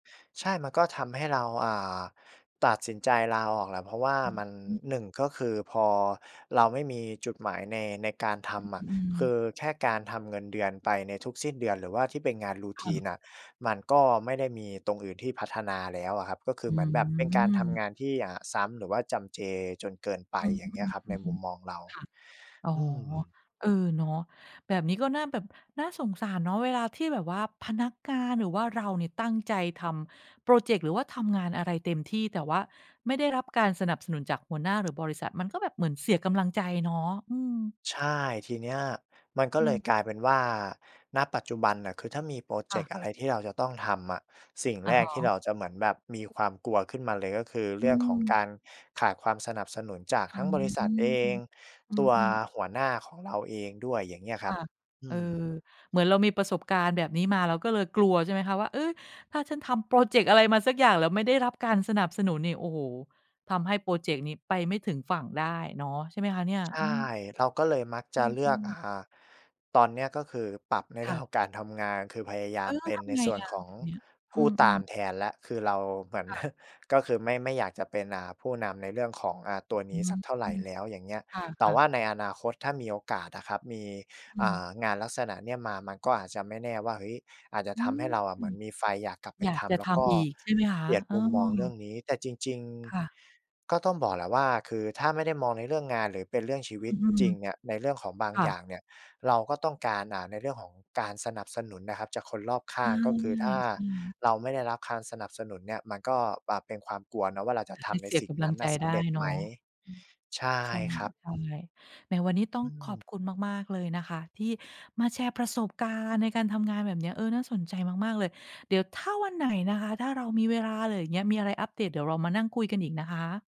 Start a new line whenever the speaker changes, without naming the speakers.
ใช่ มันก็ทำให้เรา อ่า ตัดสินใจลาออกแหละ เพราะว่า
อ
มัน
ือฮึ
1 ก็คือพอเราไม่มีจุดหมายใน ในการท
อ
ำอ
อ
ะ
ื
คื
ม
อแค่การทำเงินเดือนไปในทุกสิ้นเดือน หรือว่าที่เป็นงาน
ค่ะ
Routine น่ะ มันก็ไม่ได้มีตรงอื่นที่พัฒนาแล้วอะครับ ก็คื
อ
อ
ื
เหมือนแบบเป็นการทำ
ม
งานที่ อ่า ซ้ำ หรือว่าจำเจจนเกินไป
อื
อย่างเงี้ยครับ ในมุ
ม
มมอ
ๆ
งเรา
ๆ ค่ะ อ๋อ
อืม
เออ เนาะ แบบนี้ก็น่าแบบ น่าสงสารเนาะ เวลาที่แบบว่า พนักงานหรือว่าเราเนี่ยตั้งใจทำพรอเจกต์ หรือว่าทำงานอะไรเต็มที่ แต่ว่าไม่ได้รับการสนับสนุนจากหัวหน้าหรือบริษัท มันก็แบบเหมือนเสียกำลังใจเนาะ อืม
ใช่ ทีเนี้ยมันก็
อื
เลย
ม
กลายเป็นว่า ณ ปัจจุบันน่ะ คือถ้ามีพรอเ
ค
จ
่ะ
กต์อะไรที่เราจะต้องทำอะ สิ่ง
อ
แร
ะฮ
กที่เ
ะ
ราจะเหมือนแบบมีความกลัวขึ้นมาเลย ก็คือ
อ
เร
ื
ื่องของก
ม
ารขาดความสนับสนุนจาก
อ
ท
ื
ั้งบ
ม
ริษ
อ
ัทเอง
ื
ตัว
อ ๆ
หัวหน้าของเราเองด้วย อย่างเงี้ยค
ค
รับ
่ะ
อื
เอ
ม
อ เหมือนเรามีประสบการณ์แบบนี้มา เราก็เลยกลัวใช่ไหมคะว่า เฮ่ย ถ้าฉันทำพรอเจกต์อะไรมาสักอย่าง แล้วไม่ได้รับการสนับสนุนนี่ โอ้โฮ ทำให้พรอเจกต์นี้ไปไม่ถึงฝั่งได้เนาะ ใช่ไหมคะเนี่ย?
ใช
อื
่
ม
เราก็เลยมักจ
อ
ะ
ื
เลือก
ม
อ
ๆ
่า ตอนเนี้ยก็คือปรับในเ
ค
รื่
่
อง
ะ
ของการทำงาน คือพยาย
เ
า
อ
ม
อ แล้
เป
ว
็น
ท
ใน
ำไง
ส่วน
อะ
ขอ
แ
ง
บบเนี้ย?
ผ
อื
ู้ตา
ม
ม
ๆ
แทนแล้ว คือเราเหมือน
ค่ะ
ก็คือไม่ ไม่อยากจะเป็น อ่า ผู้นำในเรื่องของ อ่า ตัว
อ
น
ื
ี้
ม
สักเท่าไรแล้ว อย่างเงี้ย
ค
แต่
่ะ
ว่า
ๆ
ในอนาคตถ้ามีโอกาสนะครับ มี
อื
อ่
ม
า งานลักษณะเนี้ยมา มันก็อาจจะไม่แน่ว่า เฮ้ย อาจจะ
อื
ทำ
ม
ให้เราอะเหมือนมีไฟอยากกลับไป
อยา
ท
กจะ
ำ แล
ท
้วก็
ำอีก ใช่ไหมคะ?
เปลี่ยน
เออ
มุมมองเรื่องนี้ แต่จริง
ค่ะ
ๆ ก็ต้องบอกแหละว่า คือถ้าไม่ได้มองในเรื่องงาน หรือเป็นเรื่องชี
อ
วิ
อ
ต
ื
จ
อ
ริงเนี่ย ในเรื่องของบาง
ค่
อย่า
ะ
งเนี่ย เราก็ต้องการ อ่า ในเรื่องของการสนับสนุนนะครับจากคนรอบข
ใช
้า
่
ง ก็คือถ้า
ใช่
เราไม่ได้รับคานสนับสนุนเนี่ย มันก็ อ่า เป็นความกลัวเนาะว่า เราจะ
ท
ท
ำให้
ำใน
เสี
ส
ย
ิ่
ก
ง
ำ
น
ลั
ั้
ง
นน
ใ
่
จ
ะส
ไ
ำ
ด
เร
้
็จ
เ
ไ
น
หม?
าะ อืม
ใช่
ใช่
ครับ
ใช่ ในวันนี้ต้อ
อ
ง
ื
ขอบ
ม
คุณมาก ๆ เลยนะคะ ที่มาแชร์ประสบการณ์ในการทำงานแบบเนี้ย เออ น่าสนใจมาก ๆ เลย เดี๋ยวถ้าวันไหนนะคะ ถ้าเรามีเวลา อะไรอย่างเงี้ย มีอะไรอัปเดตเดี๋ยวเรามานั่งคุยกันอีกนะคะ